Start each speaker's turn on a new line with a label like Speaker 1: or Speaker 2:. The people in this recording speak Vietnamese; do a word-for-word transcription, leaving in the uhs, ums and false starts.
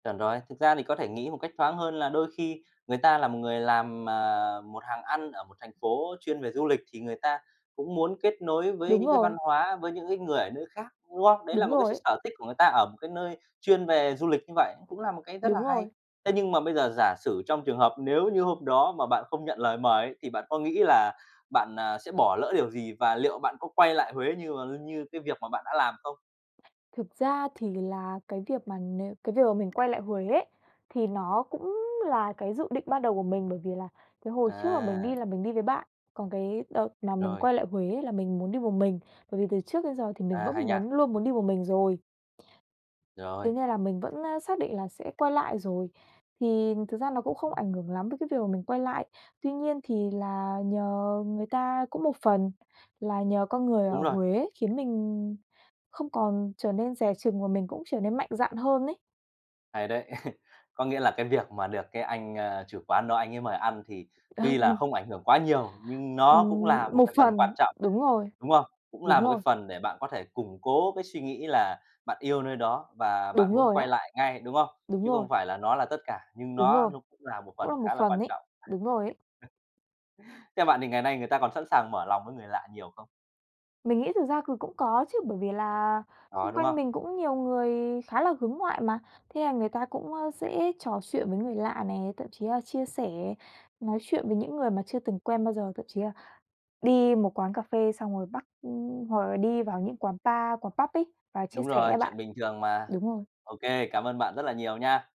Speaker 1: Chuẩn rồi. Thực ra thì có thể nghĩ một cách thoáng hơn là đôi khi người ta là một người làm, à, một hàng ăn ở một thành phố chuyên về du lịch, thì người ta cũng muốn kết nối với
Speaker 2: Đúng
Speaker 1: những cái văn
Speaker 2: rồi.
Speaker 1: hóa, với những cái người ở nơi khác, đúng không? Đấy là
Speaker 2: Đúng
Speaker 1: một cái s
Speaker 2: rồi
Speaker 1: s
Speaker 2: ấy.
Speaker 1: sở thích của người ta ở một cái nơi chuyên về du lịch như vậy, cũng là một cái rất là
Speaker 2: Đúng
Speaker 1: hay.
Speaker 2: rồi.
Speaker 1: Thế nhưng mà bây giờ giả sử trong trường hợp nếu như hôm đó mà bạn không nhận lời mời ấy, thì bạn có nghĩ là bạn, ờ, sẽ bỏ lỡ điều gì? Và liệu bạn có quay lại Huế như và luôn như cái việc mà bạn đã làm không?
Speaker 2: Thực ra thì vì là cái việc mà nếu cái việc mà mình quay lại Huế ấy thì nó cũng là cái dự định ban đầu của mình, bởi vì là cái hồi trước mà mình
Speaker 1: À.
Speaker 2: đi là mình đi với bạn. Còn cái đợt mà mình
Speaker 1: Rồi.
Speaker 2: quay lại Huế là mình muốn đi một mình, bởi vì từ trước đến giờ thì mình
Speaker 1: À,
Speaker 2: vẫn
Speaker 1: hay nha.
Speaker 2: muốn luôn muốn đi một mình rồi.
Speaker 1: Rồi.
Speaker 2: Thế nên là mình vẫn, ơ, xác định là sẽ quay lại rồi. Thì thực ra nó cũng không ảnh hưởng lắm với đến cái việc mà mình quay lại. Tuy nhiên thì là nhờ người ta cũng một phần là nhờ con người ở
Speaker 1: Đúng rồi.
Speaker 2: Huế khiến mình không còn trở nên dè chừng và mình cũng trở nên mạnh dạn hơn ấy.
Speaker 1: Hay đấy. Có nghĩa là cái việc mà được cái anh, ơ, chủ quán đó anh ấy mời ăn thì tuy là
Speaker 2: Ừm.
Speaker 1: không ảnh hưởng quá nhiều, nhưng nó cũng
Speaker 2: Ừm,
Speaker 1: là một
Speaker 2: một
Speaker 1: cái phần
Speaker 2: phần,
Speaker 1: quan trọng,
Speaker 2: đúng rồi.
Speaker 1: đúng không? Cũng
Speaker 2: Đúng
Speaker 1: là một cái
Speaker 2: rồi.
Speaker 1: phần để bạn có thể củng cố cái suy nghĩ là bạn yêu nơi đó và
Speaker 2: Đúng
Speaker 1: bạn muốn
Speaker 2: rồi
Speaker 1: quay
Speaker 2: á.
Speaker 1: lại ngay, đúng không?
Speaker 2: Đúng
Speaker 1: Chứ
Speaker 2: rồi.
Speaker 1: không phải là nó là tất cả, nhưng
Speaker 2: Đúng
Speaker 1: nó
Speaker 2: rồi.
Speaker 1: nó cũng là một
Speaker 2: Cũng là
Speaker 1: phần
Speaker 2: một
Speaker 1: khá là quan
Speaker 2: phần ấy.
Speaker 1: trọng.
Speaker 2: Đúng rồi ấy.
Speaker 1: Theo bạn thì ngày nay người ta còn sẵn sàng mở lòng với người lạ nhiều không?
Speaker 2: Mình nghĩ thực ra cừ cũng có chứ, bởi vì là
Speaker 1: Có,
Speaker 2: xung
Speaker 1: đúng
Speaker 2: quanh
Speaker 1: không?
Speaker 2: mình cũng nhiều người khá là hướng ngoại mà. Thế, à, người ta cũng, ơ, sẽ trò chuyện với người lạ nè, thậm chí là chia sẻ, nói chuyện với những người mà chưa từng quen bao giờ, thậm chí là đi một quán cà phê xong rồi bắt ưm, hoặc là đi vào những quán pa, quán Pub ấy, vào chia
Speaker 1: Đúng
Speaker 2: sẻ
Speaker 1: rồi,
Speaker 2: á bạn.
Speaker 1: chuyện bình thường mà.
Speaker 2: Đúng rồi.
Speaker 1: Ô kê, cảm ơn bạn rất là nhiều nha.